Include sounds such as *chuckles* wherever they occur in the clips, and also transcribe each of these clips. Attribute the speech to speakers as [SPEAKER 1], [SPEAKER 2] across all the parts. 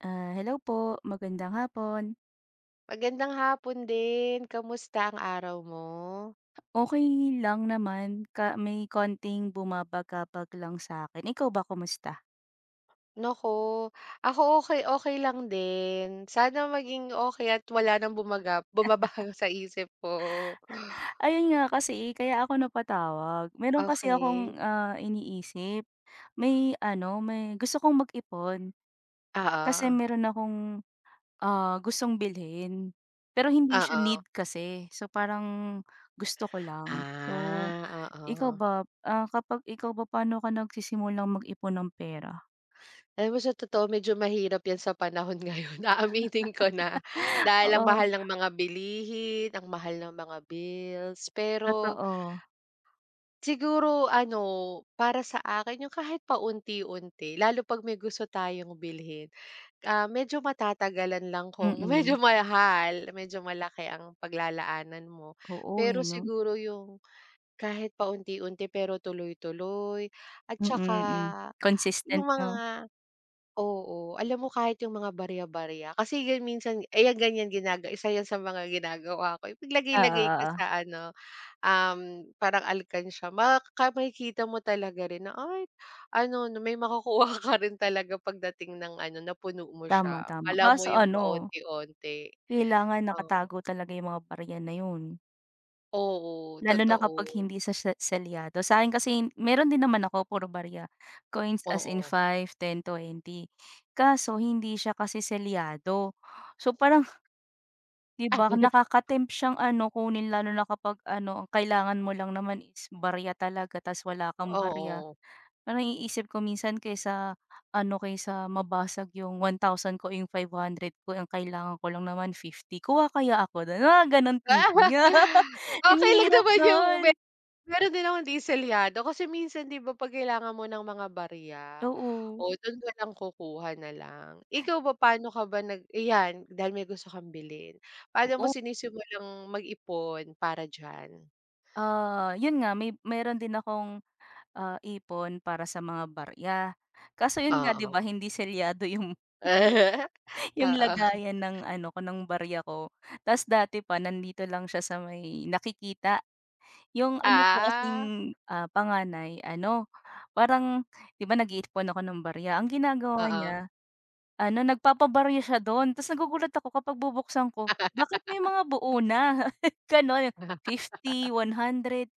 [SPEAKER 1] Ah, hello po, magandang hapon.
[SPEAKER 2] Magandang hapon din, kamusta ang araw mo?
[SPEAKER 1] Okay lang naman, ka may konting bumabagabag lang sa'kin, ikaw ba, kumusta?
[SPEAKER 2] Nako, ako okay-okay lang din, sana maging okay at wala nang bumagab
[SPEAKER 1] *chuckles*
[SPEAKER 2] bumabago sa isip mo.
[SPEAKER 1] Ayon nga kasi, kaya ako napatawag, mayroon kasi akong,
[SPEAKER 2] Okay.
[SPEAKER 1] ah, iniisip. May ano, may gusto kong mag-ipon, kasi
[SPEAKER 2] Oo.
[SPEAKER 1] mayroon akong, ah, gustong bilhin, pero hindi siya
[SPEAKER 2] Oo.
[SPEAKER 1] need kasi, so parang gusto ko lang, So,
[SPEAKER 2] Ah,
[SPEAKER 1] ikaw
[SPEAKER 2] oo.
[SPEAKER 1] ba, ah, kapag ikaw ba paano ka nagsisimulang mag-ipon ng pera?
[SPEAKER 2] Alam mo sa totoo medyo mahirap 'yan sa panahon ngayon, aaminin ko na.
[SPEAKER 1] *chuckles*
[SPEAKER 2] Dahil ang
[SPEAKER 1] Oo.
[SPEAKER 2] mahal ng mga bilihin, ang mahal ng mga bills, pero
[SPEAKER 1] Totoo.
[SPEAKER 2] siguro ano, para sa akin 'yong kahit paunti-unti, lalo 'pag may gusto tayong bilhin, ah, medyo matatagalan lang kung medyo
[SPEAKER 1] Mm.
[SPEAKER 2] mahal, medyo malaki ang paglalaanan mo,
[SPEAKER 1] Oo, eh,
[SPEAKER 2] pero
[SPEAKER 1] 'no?
[SPEAKER 2] siguro 'yong kahit paunti-unti pero tuloy-tuloy at 'tsaka
[SPEAKER 1] Mm, hmm,
[SPEAKER 2] 'yong
[SPEAKER 1] consistent
[SPEAKER 2] mga
[SPEAKER 1] 'no.
[SPEAKER 2] oo, alam mo kahit 'yong mga barya-barya kasi 'yan minsan eh, 'yan ganyan ginaga isa 'yan sa mga ginagawa ko,
[SPEAKER 1] Oo,
[SPEAKER 2] ipaglagay-lagay ko
[SPEAKER 1] oo.
[SPEAKER 2] sa ano, um, parang alkansiya, maka makikita mo talaga rin na, ay ano, na may makukuha ka rin talaga pagdating ng ano, napuno mo
[SPEAKER 1] Tama,
[SPEAKER 2] siya,
[SPEAKER 1] tama,
[SPEAKER 2] akala mo
[SPEAKER 1] kaso
[SPEAKER 2] 'yong
[SPEAKER 1] ano,
[SPEAKER 2] paonti-onti.
[SPEAKER 1] kailangan
[SPEAKER 2] Oo.
[SPEAKER 1] nakatago talaga 'yong mga barya na 'yon.
[SPEAKER 2] Oo,
[SPEAKER 1] Lalo na kapag
[SPEAKER 2] totoo.
[SPEAKER 1] hindi sa she selyado, sa'kin kasi hin mayroon din naman ako puro barya, coins as in
[SPEAKER 2] Oo.
[SPEAKER 1] 5, 10, 20, kaso hindi siya kasi selyado so parang, 'di ba,
[SPEAKER 2] *chuckles*
[SPEAKER 1] nakakatempt siyang ano, kunin lalo na kapag ano, ang kailangan mo lang naman is barya talaga tapos wala kang barya.
[SPEAKER 2] Oo.
[SPEAKER 1] Parang naiisip ko minsan kaysa ano, kaysa mabasag 'yong ₱1,000 ko, iyong ₱500 ko, eh, ang kailangan ko lang naman ₱50, kuha kaya ako do'n? Mga gano'n *unintelligible* *laughs*
[SPEAKER 2] *laughs*
[SPEAKER 1] Ang
[SPEAKER 2] Okey lang
[SPEAKER 1] hirap
[SPEAKER 2] naman 'yong me
[SPEAKER 1] noon.
[SPEAKER 2] mayroon din akong 'di selyado kasi minsan 'di ba, 'pag kailangan mo ng mga barya,
[SPEAKER 1] Oo.
[SPEAKER 2] o do'n na lang kukuha na lang. Ikaw ba paano ka ba nag ayan, dahil may gusto kang bilhin, paano mo
[SPEAKER 1] Oo.
[SPEAKER 2] sinisimulang mag-ipon para diyan?
[SPEAKER 1] Ah, 'yon nga, may meron din akong, ah, ipon para sa mga barya kaso 'yon nga, 'di
[SPEAKER 2] Oo.
[SPEAKER 1] ba, hindi selyado yung,
[SPEAKER 2] *laughs*
[SPEAKER 1] *chuckles* 'yong
[SPEAKER 2] Oo.
[SPEAKER 1] lagayan ng ano ko, ng barya ko. 'Tas dati pa nandito lang siya sa may nakikita, 'yong ano ko
[SPEAKER 2] Ah.
[SPEAKER 1] kasing, ah, panganay ano, parang 'di ba nag-iipon ako ng barya, ang ginagawa
[SPEAKER 2] Oo.
[SPEAKER 1] niya, ano, nagpapabarya siya don, 'tas nagugulat ako kapag bubuksan ko, bakit may
[SPEAKER 2] *laughs*
[SPEAKER 1] mga buo na? *chuckles* Gano'n,
[SPEAKER 2] *laughs*
[SPEAKER 1] 50, 100,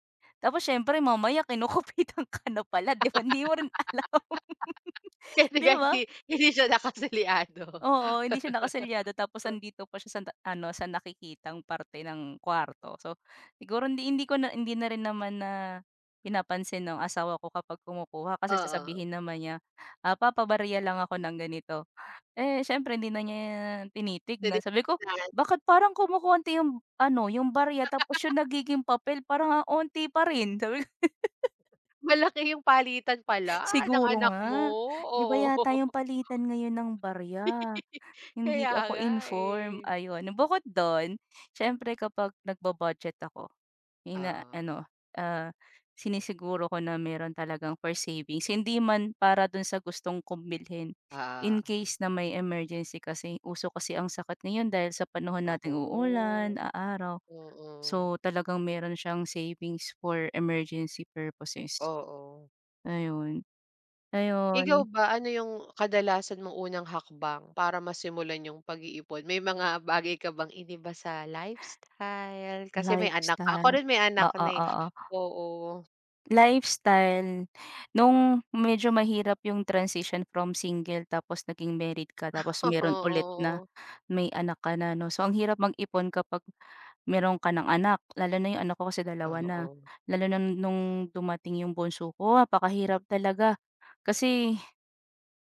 [SPEAKER 1] tapos siyempre mamaya kinukupitan ka na pala 'di ba, hindi mo rin alam.
[SPEAKER 2] *laughs* Kasi
[SPEAKER 1] 'Di
[SPEAKER 2] nga hindi
[SPEAKER 1] ba?
[SPEAKER 2] hindi siya nakaselyado.
[SPEAKER 1] Oo, hindi siya nakaselyado
[SPEAKER 2] *laughs*
[SPEAKER 1] tapos
[SPEAKER 2] Uh.
[SPEAKER 1] 'andito pa siya san ta ano, sa nakikitang parte ng kwarto. So, siguro hindi hindi ko na hindi na rin naman na pinapansin no'ng asawa ko kapag kumukuha, kasi
[SPEAKER 2] Oo.
[SPEAKER 1] sasabihin naman niya, ah, "Papabarya lang ako ng ganito." Eh, siyempre hindi na niya
[SPEAKER 2] Puwede
[SPEAKER 1] tinitignan. Sabi ko,
[SPEAKER 2] 'yan.
[SPEAKER 1] "Bakit parang kumokonti 'yong ano, 'yong barya tapos 'yong
[SPEAKER 2] *laughs*
[SPEAKER 1] nagiging papel parang ang 'onti pa rin," sabi ko. *giggles*
[SPEAKER 2] Malaki 'yong palitan pala ng
[SPEAKER 1] Siguro
[SPEAKER 2] anak mo,
[SPEAKER 1] nga, iba
[SPEAKER 2] oo.
[SPEAKER 1] yata 'yong palitan ngayon ng barya;
[SPEAKER 2] *giggles*
[SPEAKER 1] hindi
[SPEAKER 2] Kaya
[SPEAKER 1] ako
[SPEAKER 2] nga,
[SPEAKER 1] informed,
[SPEAKER 2] eh.
[SPEAKER 1] ayon. Bukod don, siyempre kapag nagbu-budget ako,
[SPEAKER 2] Oo.
[SPEAKER 1] ina-ano, ah, sinisiguro ko na meron talagang for savings, hindi man para do'n sa gustong kong bilhin,
[SPEAKER 2] Ah,
[SPEAKER 1] in
[SPEAKER 2] oo.
[SPEAKER 1] case na may emergency kasi uso kasi ang sakit ngayon dahil sa panahon nating uulan,
[SPEAKER 2] Naku.
[SPEAKER 1] aaraw.
[SPEAKER 2] Oo.
[SPEAKER 1] So talagang mayroon siyang savings for emergency purposes.
[SPEAKER 2] Oo.
[SPEAKER 1] Ayun.
[SPEAKER 2] I ikaw
[SPEAKER 1] Ayun.
[SPEAKER 2] ba, ano 'yong kadalasan mong unang hakbang para masimulan 'yong pag-iipon; may mga bagay ka bang iniba sa lifestyle, kasi may anak ka, ako
[SPEAKER 1] Lifestyle.
[SPEAKER 2] rin may anak
[SPEAKER 1] Oo,
[SPEAKER 2] na, eh.
[SPEAKER 1] oo.
[SPEAKER 2] Oo.
[SPEAKER 1] Lifestyle, no'ng medyo mahirap 'yong transition from single tapos naging married ka tapos meron ulit na
[SPEAKER 2] Oo.
[SPEAKER 1] may anak ka na, 'no. So ang hirap mag-ipon kapag meron ka ng anak, lalo na 'yong anak ko kasi 2 na,
[SPEAKER 2] Oo.
[SPEAKER 1] lalo na noong dumating 'yong bunso ko, apakahirap talaga kasi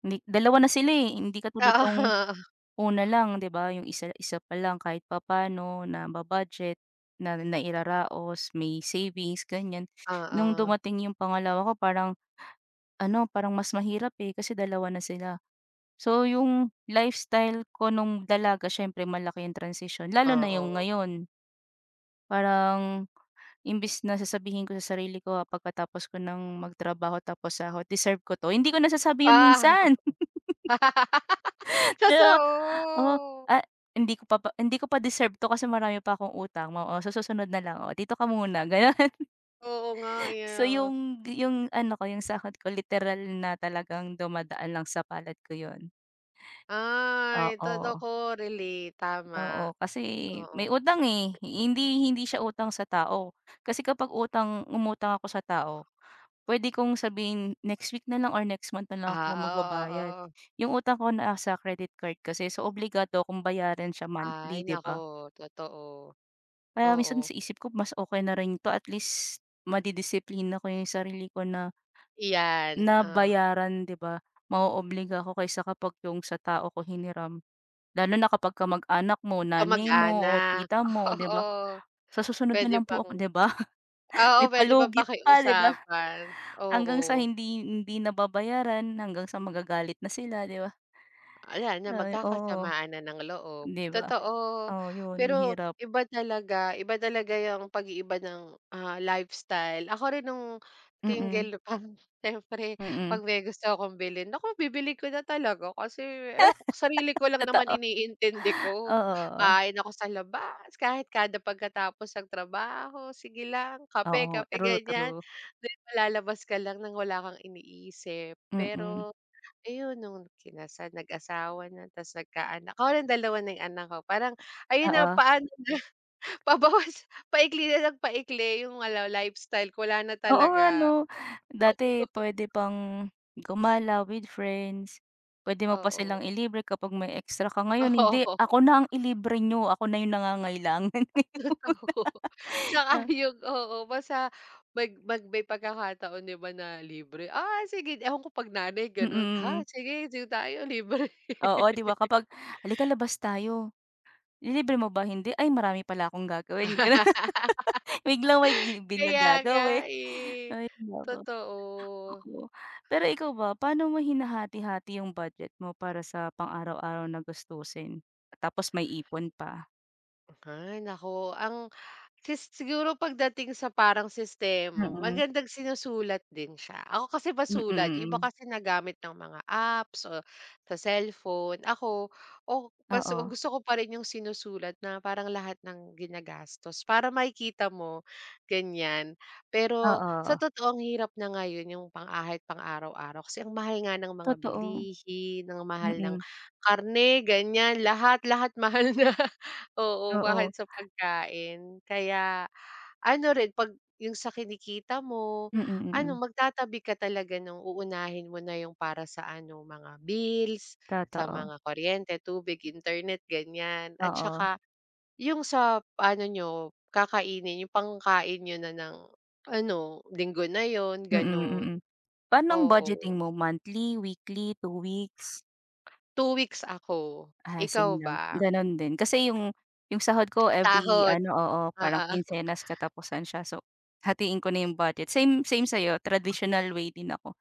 [SPEAKER 1] ni 2 na sila, eh, hindi katulad noong
[SPEAKER 2] Oo.
[SPEAKER 1] una lang 'di ba, 'yong isa isa pa lang kahit papano naba-budget, na nairaraos, may savings ganiyan. No'ng
[SPEAKER 2] Oo.
[SPEAKER 1] dumating 'yong pangalawa ko parang ano, parang mas mahirap, eh, kasi 2 na sila. So 'yong lifestyle ko no'ng dalaga, siyempre malaki ang transition, lalo na 'yong
[SPEAKER 2] Oo.
[SPEAKER 1] ngayon. Parang, imbis na sasabihin ko sa sarili ko, ah, pagkatapos ko ng magtrabaho tapos sahod, "deserve ko 'to," hindi ko nasasabi 'yon minsan.
[SPEAKER 2] *laughs*
[SPEAKER 1] *chuckles* 'Di, ba, oh,
[SPEAKER 2] Totoo.
[SPEAKER 1] ah, hindi ko pa pa hindi ko pa deserve to kasi marami pa akong utang mo o sa susunod na lang, oo, dito ka muna, gano'n.
[SPEAKER 2] Oo nga, eh,
[SPEAKER 1] So
[SPEAKER 2] ah.
[SPEAKER 1] 'yong d 'yong ano ko, 'yong sahod ko literal na talagang dumadaan lang sa palad ko 'yon.
[SPEAKER 2] Ay,
[SPEAKER 1] Oo.
[SPEAKER 2] totoo, relate, tama.
[SPEAKER 1] Oo, kasi may
[SPEAKER 2] Oo.
[SPEAKER 1] utang, eh, hindi hindi siya utang sa tao kasi kapag utang umutang ako sa tao, puwede kong sabihin next week na lang or next month na lang ako magbabayad.
[SPEAKER 2] Ah, oo, oo,
[SPEAKER 1] 'Yong utang ko nasa sa credit card kasi, so obligado akong bayaran siya
[SPEAKER 2] Ay,
[SPEAKER 1] monthly, 'di
[SPEAKER 2] naku,
[SPEAKER 1] ba?
[SPEAKER 2] totoo.
[SPEAKER 1] Kaya minsan
[SPEAKER 2] Oo.
[SPEAKER 1] sa isip ko, mas okey na rin ito, at least, madidisiplina ko 'yong sarili ko na
[SPEAKER 2] Iyan,
[SPEAKER 1] na
[SPEAKER 2] oo.
[SPEAKER 1] bayaran, 'di ba? Mao-obliga ako kaysa kapag 'yong sa tao ko hiniram. Lalo na kapag kamag-anak mo, nanay mo, o
[SPEAKER 2] Kamag-anak,
[SPEAKER 1] tita mo, o 'di ba?
[SPEAKER 2] oo.
[SPEAKER 1] "Sa susunod na
[SPEAKER 2] Puwede
[SPEAKER 1] lang
[SPEAKER 2] pang
[SPEAKER 1] po ako," 'di ba?
[SPEAKER 2] oo,
[SPEAKER 1] May
[SPEAKER 2] puwede pang
[SPEAKER 1] palugit pa, 'di ba?
[SPEAKER 2] pakiusapan,
[SPEAKER 1] Hanggang sa
[SPEAKER 2] oo.
[SPEAKER 1] hindi hindi nababayaran, hanggang sa magagalit na sila, 'di ba?
[SPEAKER 2] Wala na
[SPEAKER 1] Ay, oo.
[SPEAKER 2] magkakasamaan na ng loob,
[SPEAKER 1] 'Di ba?
[SPEAKER 2] totoo.
[SPEAKER 1] Oo, 'yon,
[SPEAKER 2] Pero,
[SPEAKER 1] hirap.
[SPEAKER 2] iba talaga iba talaga 'yang pag-iiba ng, ah, lifestyle; ako rin no'ng
[SPEAKER 1] Mm.
[SPEAKER 2] single pa siyempre 'pag
[SPEAKER 1] Mm.
[SPEAKER 2] may gusto akong bilhin, naku, bibili ko na talaga kasi ewa ko, sarili
[SPEAKER 1] *laughs*
[SPEAKER 2] ko lang naman
[SPEAKER 1] Totoo.
[SPEAKER 2] iniintindi
[SPEAKER 1] Oo,
[SPEAKER 2] ko.
[SPEAKER 1] oo.
[SPEAKER 2] Kain ako sa labas kahit kada pagkatapos ng trabaho, sige lang, kape,
[SPEAKER 1] Oo,
[SPEAKER 2] kape,
[SPEAKER 1] true,
[SPEAKER 2] ganiyan.
[SPEAKER 1] true.
[SPEAKER 2] Then ma lalabas ka lang ng wala kang iniisip.
[SPEAKER 1] Mm.
[SPEAKER 2] Pero ayun, noong kinasal, nag-asawa na 'tas nagkaanak ako rin 2 na 'yong anak ko, parang ayun na,
[SPEAKER 1] Oo.
[SPEAKER 2] paano na, pabawas, paikli na nang paikli yung wala lifestyle ko, wala na
[SPEAKER 1] Oo nga
[SPEAKER 2] talaga.
[SPEAKER 1] 'no? Dati
[SPEAKER 2] *chuckles*
[SPEAKER 1] pwede pang gumala with friends, pwede mo pa
[SPEAKER 2] Oo.
[SPEAKER 1] silang ilibre kapag may extra ka. Ngayon hindi,
[SPEAKER 2] Oo
[SPEAKER 1] ako na ang ilibre niyo, ako na 'yong nangangailangan ngayon.
[SPEAKER 2] At least oo,
[SPEAKER 1] *laughs*
[SPEAKER 2] 'tsaka
[SPEAKER 1] Ah.
[SPEAKER 2] 'yong oo, basta mag mag may pagkakataon 'di ba, na libre, ay, sige ewan ko 'pag nanay
[SPEAKER 1] Mm,
[SPEAKER 2] gano'n. "Ha,
[SPEAKER 1] mm.
[SPEAKER 2] sige, dito tayo, libre."
[SPEAKER 1] Oo, 'di ba, kapag, "Halika, labas tayo." "Lilibre mo ba?" "Hindi." "Ay, marami pala akong gagawin." Gano'n. Biglang may gi
[SPEAKER 2] *laughs*
[SPEAKER 1] bigla
[SPEAKER 2] Kaya nga,
[SPEAKER 1] gagawi
[SPEAKER 2] eh,
[SPEAKER 1] Hay, naku.
[SPEAKER 2] totoo.
[SPEAKER 1] Oo, pero ikaw ba, pano mo hinahati-hati 'yong budget mo para sa pang araw-araw na gastusin? Tapos may ipon pa.
[SPEAKER 2] Hay naku, ang si siguro pagdating sa parang sistema
[SPEAKER 1] Mm.
[SPEAKER 2] magandang sinusulat din siya, ako kasi
[SPEAKER 1] Mm,
[SPEAKER 2] masulat yung iba
[SPEAKER 1] mm.
[SPEAKER 2] kasi nagamit ng mga apps o sa cellphone ako, o baso
[SPEAKER 1] Oo.
[SPEAKER 2] gusto ko pa rin yung sinusulat na parang lahat ng ginagastos para makikita mo, ganyan. Pero,
[SPEAKER 1] Oo,
[SPEAKER 2] sa
[SPEAKER 1] oh.
[SPEAKER 2] totoo ang hirap na ngayon yung pang kahit pang-araw-araw kasi ang mahal nga ng mga
[SPEAKER 1] Totoo.
[SPEAKER 2] bilihin, ang mahal ng
[SPEAKER 1] Mm.
[SPEAKER 2] karne ganyan, lahat-lahat mahal na, oo kahit
[SPEAKER 1] Oo.
[SPEAKER 2] sa pagkain. Kaya, ano rin 'pag yung sa kinikita mo
[SPEAKER 1] Mm,
[SPEAKER 2] ano
[SPEAKER 1] mm.
[SPEAKER 2] magtatabi ka talaga nung uunahin mo na yung para sa ano mga bills, sa
[SPEAKER 1] Totoo.
[SPEAKER 2] mga kuryente, tubig, internet ganyan at
[SPEAKER 1] Oo.
[SPEAKER 2] saka, yung sa pa ano niyo kakainin yung pangkain niyo na ng ano, linggo na yun
[SPEAKER 1] Mm,
[SPEAKER 2] gano'n.
[SPEAKER 1] mm. Pa'no ang
[SPEAKER 2] Oo.
[SPEAKER 1] budgeting mo monthly, weekly, 2 weeks?
[SPEAKER 2] 2 weeks ako.
[SPEAKER 1] Ah,
[SPEAKER 2] Ikaw
[SPEAKER 1] same lang.
[SPEAKER 2] ba?
[SPEAKER 1] Gano'n din, kasi yung yung sahod ko every
[SPEAKER 2] Sahod.
[SPEAKER 1] ano oo, parang
[SPEAKER 2] Oo.
[SPEAKER 1] kinsenas-katapusan siya so, hatiin ko na 'yong budget. Same, same sa'yo traditional way din ako,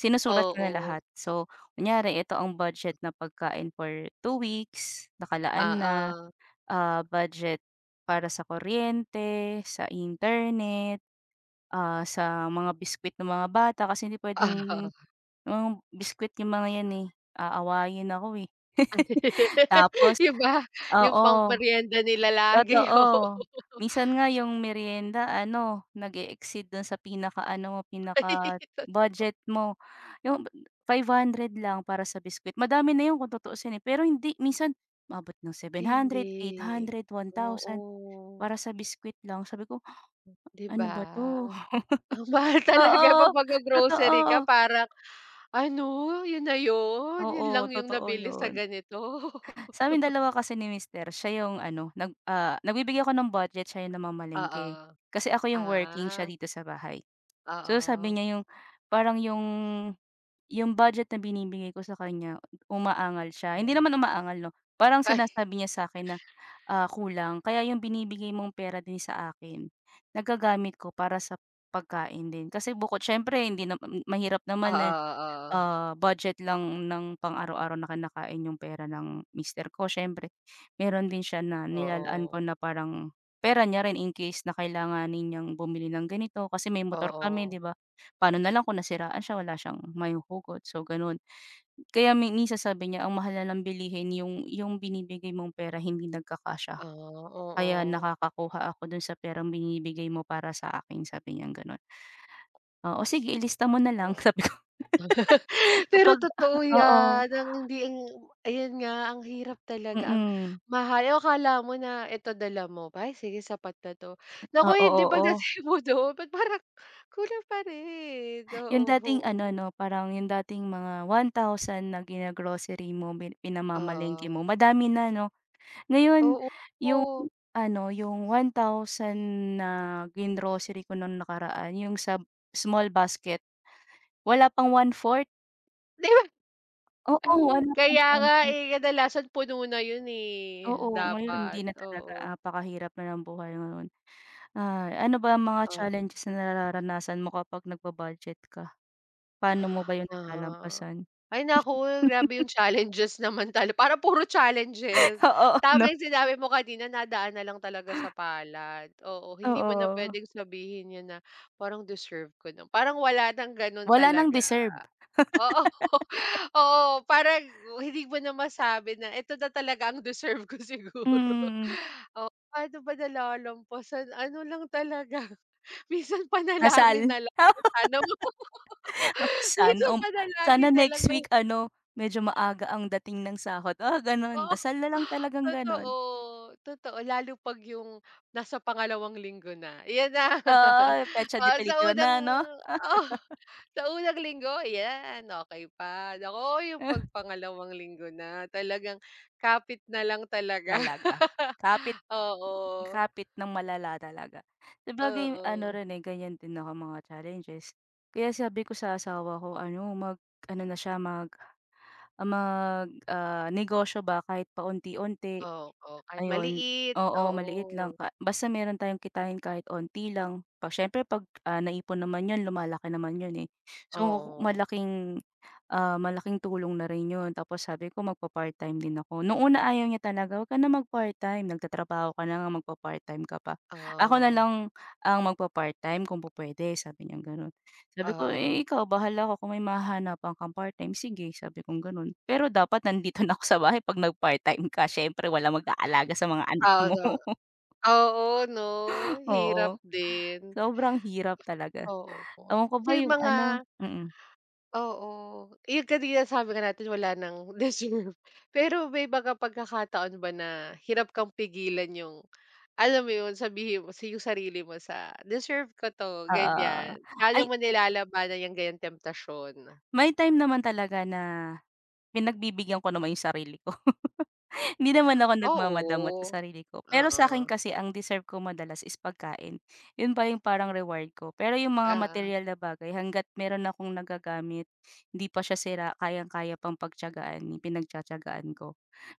[SPEAKER 1] sinusulat ko na
[SPEAKER 2] Oo.
[SPEAKER 1] lahat so kunyari ito ang budget na pagkain for 2 weeks, nakalaan na,
[SPEAKER 2] Oo.
[SPEAKER 1] ah, budget para sa kuryente sa internet, ah, sa mga biscuit ng mga bata kasi hindi puwedeng
[SPEAKER 2] Oo.
[SPEAKER 1] mga biscuit 'yong mga 'yan, eh, aawayin ako, eh. *laughs*
[SPEAKER 2] *laughs*
[SPEAKER 1] Tapos
[SPEAKER 2] 'Di ba? Yung
[SPEAKER 1] oo.
[SPEAKER 2] pang meryenda nila lagi,
[SPEAKER 1] Totoo,
[SPEAKER 2] oo. *laughs*
[SPEAKER 1] minsan nga 'yong meryenda ano, nag-e-exceed do'n sa pinakaano,
[SPEAKER 2] Ay, totoo.
[SPEAKER 1] pinaka-budget mo 'yong 500 lang para sa biscuit, madami na 'yon kung tutuusin, eh, pero hindi minsan, umaabot ng 700, eight
[SPEAKER 2] Hindi.
[SPEAKER 1] hundred, 1,000
[SPEAKER 2] Oo
[SPEAKER 1] para sa biscuit lang sabi ko,
[SPEAKER 2] 'Di
[SPEAKER 1] "Ano ba
[SPEAKER 2] ba?
[SPEAKER 1] 'to?"
[SPEAKER 2] Ang
[SPEAKER 1] *chuckles*
[SPEAKER 2] mahal talaga 'pag
[SPEAKER 1] Oo,
[SPEAKER 2] maggro-grocery ka
[SPEAKER 1] totoo.
[SPEAKER 2] parang "Ano? Yun na 'yon? Yun
[SPEAKER 1] Oo,
[SPEAKER 2] lang yung
[SPEAKER 1] totoo
[SPEAKER 2] nabili sa
[SPEAKER 1] 'yon.
[SPEAKER 2] ganito?"
[SPEAKER 1] Sa'min
[SPEAKER 2] *laughs*
[SPEAKER 1] dalawa kasi ni mister siya 'yong ano, nag, ah, nagbibigay ako ng budget siya yung namamalengke.
[SPEAKER 2] Oo.
[SPEAKER 1] Kasi ako 'yong working siya
[SPEAKER 2] Ah.
[SPEAKER 1] dito sa bahay, so, sabi
[SPEAKER 2] Oo.
[SPEAKER 1] niya 'yong parang 'yong 'yong budget na binibigay ko sa kanya umaangal siya, hindi
[SPEAKER 2] Oo.
[SPEAKER 1] naman umaangal 'no. Parang
[SPEAKER 2] Ay.
[SPEAKER 1] sinasabi niya sa akin na, ah, kulang kaya 'yong binibigay mong pera din sa akin nagagamit ko para sa pagkain din kasi bukod siyempre hindi nam mahirap naman na,
[SPEAKER 2] Oo, oo.
[SPEAKER 1] ah, budget lang ng pang-araw-araw na kinakain 'yong pera ng mister ko, siyempre mayro'n din siya na nilalaan ko
[SPEAKER 2] Oo.
[SPEAKER 1] na parang pera niya rin in case na kailanganin niyang bumili ng ganito, kasi may motor kami
[SPEAKER 2] Oo.
[SPEAKER 1] 'di ba? Paano na lang kung nasiraan siya wala siyang mahuhugot so gano'n. Kaya may minsan sabi niya, "Ang mahal ng bilihin yung yung binibigay mong pera hindi nagkakasya,
[SPEAKER 2] Ah,
[SPEAKER 1] kaya
[SPEAKER 2] oo.
[SPEAKER 1] nakakakuha ako do'n sa perang binibigay mo para sa akin." Sabi niyang gano'n. "Oo, sige ilista mo nalang."
[SPEAKER 2] Oo.
[SPEAKER 1] Sabi ko. *laughs*
[SPEAKER 2] *chuckles* Pero
[SPEAKER 1] Kapag
[SPEAKER 2] totoo
[SPEAKER 1] oo.
[SPEAKER 2] 'yan ang hindi ayun nga ang hirap talaga ang
[SPEAKER 1] Mm.
[SPEAKER 2] mahal oo, akala mo na eto dala mo, "B ay, sige sapat na 'to." Naku,
[SPEAKER 1] Oo,
[SPEAKER 2] hindi
[SPEAKER 1] oo.
[SPEAKER 2] pagdating mo do'n, ba't parang kulang pa rin,
[SPEAKER 1] Yong
[SPEAKER 2] oo.
[SPEAKER 1] dating ano 'no, parang yung dating mga 1,000 na gina-grocery mo pi pinamalengke
[SPEAKER 2] Oo.
[SPEAKER 1] mo madami na 'no? Ngayon, yung
[SPEAKER 2] Oo.
[SPEAKER 1] ano, yung 1,000 na gin-grocery ko nung nakaraan yung sa small basket, wala pang 1/4.
[SPEAKER 2] 'Di ba?
[SPEAKER 1] Oo,
[SPEAKER 2] Hmm,
[SPEAKER 1] alam kong
[SPEAKER 2] kaya nga,
[SPEAKER 1] comfort.
[SPEAKER 2] eh, kadalasan puno na 'yun eh,
[SPEAKER 1] Oo, ngayon
[SPEAKER 2] dapat,
[SPEAKER 1] hindi na talaga,
[SPEAKER 2] oo.
[SPEAKER 1] napakahirap na ng buhay ngayon. Ah, ano ba ang mga
[SPEAKER 2] Oo.
[SPEAKER 1] challenges na nararanasan mo kapag nagba-budget ka? Paano mo ba 'yun
[SPEAKER 2] Uh-huh,
[SPEAKER 1] nalalampasan?
[SPEAKER 2] ay naku! Grabe
[SPEAKER 1] *chuckles*
[SPEAKER 2] yung challenges naman tal parang puro challenges.
[SPEAKER 1] Oo 'no?
[SPEAKER 2] Tama yung sinabi mo kanina nadaan na lang talaga sa palad. Oo, hindi mo na
[SPEAKER 1] Oo.
[SPEAKER 2] puwedeng sabihin 'yun na, "Parang deserve ko na" Parang wala ng gano'n
[SPEAKER 1] Wala nang
[SPEAKER 2] talaga.
[SPEAKER 1] deserve. *laughs*
[SPEAKER 2] Oo, oo parang hindi mo na masabi na, "Eto na talaga ang deserve ko
[SPEAKER 1] Mm,
[SPEAKER 2] siguro."
[SPEAKER 1] mm.
[SPEAKER 2] Oo, pa'no ba nalalampasan, ano lang talaga minsan panalangin
[SPEAKER 1] Dasal?
[SPEAKER 2] na lang na, "Sana po." *laughs*
[SPEAKER 1] *laughs* Sana
[SPEAKER 2] Minsan
[SPEAKER 1] um sana
[SPEAKER 2] panalagin na lang
[SPEAKER 1] next
[SPEAKER 2] na
[SPEAKER 1] week ano medyo maaga ang dating ng sahod, mga gano'n,
[SPEAKER 2] Oo,
[SPEAKER 1] dasal na lang talagang
[SPEAKER 2] totoo,
[SPEAKER 1] gano'n.
[SPEAKER 2] totoo lalo 'pag yung nasa pangalawang linggo na, ayan na. *laughs*
[SPEAKER 1] Oo, petsa
[SPEAKER 2] Oo,
[SPEAKER 1] de
[SPEAKER 2] sa
[SPEAKER 1] peligro
[SPEAKER 2] unang,
[SPEAKER 1] na 'no?
[SPEAKER 2] oh,
[SPEAKER 1] *chuckles*
[SPEAKER 2] sa unang linggo yan okey pa naku, yung 'pag
[SPEAKER 1] *chuckles*
[SPEAKER 2] pangalawang linggo na talagang kapit na lang talaga,
[SPEAKER 1] Talaga,
[SPEAKER 2] *chuckles*
[SPEAKER 1] kapit,
[SPEAKER 2] oo.
[SPEAKER 1] kapit nang malala talaga. Sabagay ano
[SPEAKER 2] Oo.
[SPEAKER 1] rin, eh, ganyan din ako mga challenges. Kaya sabi ko sa asawa ko ano? Mag-ano na siya? Mag ah, magnegosyo ba? Kahit paunti-unti,
[SPEAKER 2] Oo, kahit
[SPEAKER 1] ayun.
[SPEAKER 2] maliit,
[SPEAKER 1] Oo, maliit lang
[SPEAKER 2] oo.
[SPEAKER 1] pa basta meron tayong kitain kahit onti lang. Siyempre 'pag naipon naman 'yon lumalaki naman 'yon eh. So,
[SPEAKER 2] Oo.
[SPEAKER 1] malaking, ah, malaking tulong na rin 'yon. Tapos sabi ko magpa-part-time din ako. Noong ayaw niya talaga, "'Wag ka na mag-part time, nagtatrabaho ka na ngang magpapart-time ka pa. Ako
[SPEAKER 2] Oo.
[SPEAKER 1] nalang ang magpapart-time kung pupuwede," sabi niyang gano'n. Sabi ko, "Eh,
[SPEAKER 2] Oo.
[SPEAKER 1] ikaw bahala ka kung may mahahanapan kang part-time, sige," sabi kong gano'n. "Pero dapat nandito na ako sa bahay 'pag nagpart-time ka siyempre walang mag-aalaga sa mga anak
[SPEAKER 2] Ah,
[SPEAKER 1] mo."
[SPEAKER 2] *unintelligible*
[SPEAKER 1] *chuckles*
[SPEAKER 2] Oo 'no? Hirap
[SPEAKER 1] Oo,
[SPEAKER 2] din.
[SPEAKER 1] sobrang hirap talaga.
[SPEAKER 2] Oo po,
[SPEAKER 1] Ewan ko
[SPEAKER 2] so
[SPEAKER 1] ba
[SPEAKER 2] yung
[SPEAKER 1] yung
[SPEAKER 2] mga
[SPEAKER 1] ano Mm.
[SPEAKER 2] oo, eh, yung kanina sabi nga natin wala ng deserve. Pero may mga pagkakataon ba na hirap kang pigilan yung alam mo 'yun, sabihin mo yung sarili mo sa, "Deserve ko 'to."
[SPEAKER 1] Oo, oo.
[SPEAKER 2] Ganyan. Paano
[SPEAKER 1] Ay
[SPEAKER 2] mo nilalabanan yang ganyang temptasyon?
[SPEAKER 1] May time naman talaga na, pinagbibigyan ko naman yung sarili ko. *chuckles* Hindi naman ako nagmamadamot
[SPEAKER 2] Oo.
[SPEAKER 1] sa sarili ko. Pero sa'kin
[SPEAKER 2] Oo.
[SPEAKER 1] kasi ang deserve ko madalas is pagkain. 'Yon pa yung parang reward ko. Pero yung mga
[SPEAKER 2] Oo.
[SPEAKER 1] materyal na bagay, hangga't meron akong nagagamit hindi pa siya sira, kayang-kaya pang pagtiyagaan, pinagtatiyagaan ko.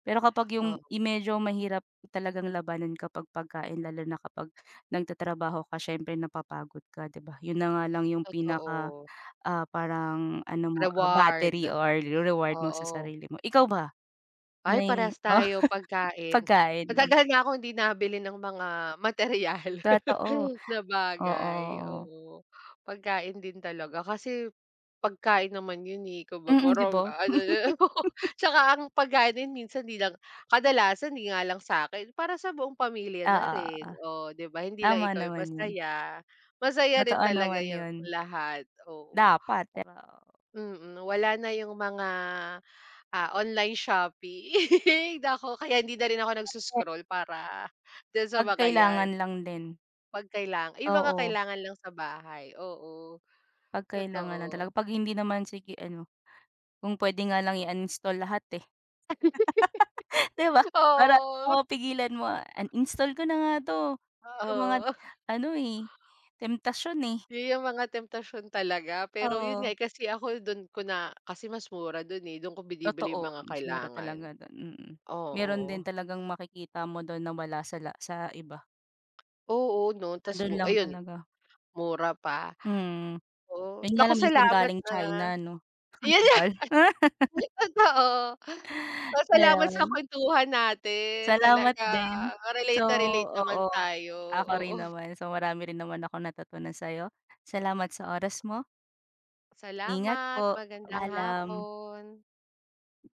[SPEAKER 1] Pero kapag yung,
[SPEAKER 2] Oo.
[SPEAKER 1] yung medyo mahirap talagang labanan kapag pagkain lalo na kapag nagtatrabaho ka siyempre napapagod ka 'di ba? 'Yon na nga lang yung pinaka
[SPEAKER 2] Totoo.
[SPEAKER 1] ah, parang ano mo, ah, battery
[SPEAKER 2] Reward,
[SPEAKER 1] or reward mo sa
[SPEAKER 2] oo.
[SPEAKER 1] sarili mo. Ikaw ba? 'Yun
[SPEAKER 2] Ay
[SPEAKER 1] ay
[SPEAKER 2] parehas tayo,
[SPEAKER 1] *chuckles*
[SPEAKER 2] pagkain.
[SPEAKER 1] Pagkain, 'no?
[SPEAKER 2] Matagal na akong hindi nabili ng mga materyal
[SPEAKER 1] Totoo,
[SPEAKER 2] *chuckles* na
[SPEAKER 1] oo,
[SPEAKER 2] bagay,
[SPEAKER 1] oo.
[SPEAKER 2] oo. Pagkain din talaga kasi, pagkain naman 'yun, eh, kumbaga
[SPEAKER 1] Mm, 'di
[SPEAKER 2] parang
[SPEAKER 1] ba?
[SPEAKER 2] ano na *chuckles* 'tsaka ang pagkain din
[SPEAKER 1] *chuckles*
[SPEAKER 2] minsan 'di lang kadalasan di nga lang sa'kin, para sa buong pamilya na
[SPEAKER 1] Oo,
[SPEAKER 2] rin,
[SPEAKER 1] oo.
[SPEAKER 2] oh 'di ba? Hindi lang
[SPEAKER 1] Tama
[SPEAKER 2] ikaw yung
[SPEAKER 1] naman 'yun.
[SPEAKER 2] masaya, masaya
[SPEAKER 1] Totoo
[SPEAKER 2] rin talaga
[SPEAKER 1] naman
[SPEAKER 2] yung
[SPEAKER 1] 'yun.
[SPEAKER 2] lahat, oo
[SPEAKER 1] Dapat,
[SPEAKER 2] a
[SPEAKER 1] diba, oo.
[SPEAKER 2] Mm, nawala na yung mga, ah, online shopping. Naku kaya hindi na rin ako
[SPEAKER 1] *unintelligible*
[SPEAKER 2] nagso-scroll para, din sa
[SPEAKER 1] 'Pag
[SPEAKER 2] mga 'yan.
[SPEAKER 1] kailangan lang din.
[SPEAKER 2] 'Pag kailangan yung mga
[SPEAKER 1] Oo.
[SPEAKER 2] kailangan lang sa bahay, oo.
[SPEAKER 1] 'Pag kailangan lang
[SPEAKER 2] Totoo.
[SPEAKER 1] talaga. 'Pag hindi naman, sige ano? Kung puwede nga lang i-uninstall lahat, eh. *laughs* 'Di ba?
[SPEAKER 2] *laughs*
[SPEAKER 1] Para
[SPEAKER 2] Oo.
[SPEAKER 1] ano, mapigilan mo,
[SPEAKER 2] *coughs*
[SPEAKER 1] uninstall ko na nga 'to, puro mga
[SPEAKER 2] Oo. Oh.
[SPEAKER 1] ano, eh, temptasyon, eh.
[SPEAKER 2] 'Yun yung mga temptasyon talaga, pero 'yun nga,
[SPEAKER 1] Oo.
[SPEAKER 2] eh, kasi ako do'n ko na kasi mas mura do'n, eh, do'n ko binibili yung
[SPEAKER 1] Totoo,
[SPEAKER 2] mga
[SPEAKER 1] mas mura
[SPEAKER 2] kailangan.
[SPEAKER 1] talaga do'n, mm. Meron din
[SPEAKER 2] Oo.
[SPEAKER 1] talagang makikita mo do'n na wala sa la sa iba.
[SPEAKER 2] Oo 'no?
[SPEAKER 1] Na
[SPEAKER 2] Tas
[SPEAKER 1] do'n
[SPEAKER 2] bu
[SPEAKER 1] lang
[SPEAKER 2] ayun,
[SPEAKER 1] talaga.
[SPEAKER 2] mura pa.
[SPEAKER 1] Mm.
[SPEAKER 2] Oo,
[SPEAKER 1] 'Yun nga
[SPEAKER 2] naku
[SPEAKER 1] lang minsan
[SPEAKER 2] salamat
[SPEAKER 1] galing China
[SPEAKER 2] ha.
[SPEAKER 1] 'no? Ang
[SPEAKER 2] Yan nga
[SPEAKER 1] tagal. *laughs*
[SPEAKER 2] *chuckles* Totoo, hoy, salamat sa
[SPEAKER 1] Ayon.
[SPEAKER 2] kuwentuhan natin
[SPEAKER 1] Salamat
[SPEAKER 2] talaga,
[SPEAKER 1] din.
[SPEAKER 2] relate
[SPEAKER 1] So,
[SPEAKER 2] na relate naman
[SPEAKER 1] oo,
[SPEAKER 2] tayo,
[SPEAKER 1] ako
[SPEAKER 2] oo.
[SPEAKER 1] rin naman, so marami rin naman akong natutunan sa'yo. Salamat sa oras mo. Ingat
[SPEAKER 2] Salamat,
[SPEAKER 1] po.
[SPEAKER 2] magandang
[SPEAKER 1] Paalam.
[SPEAKER 2] hapon.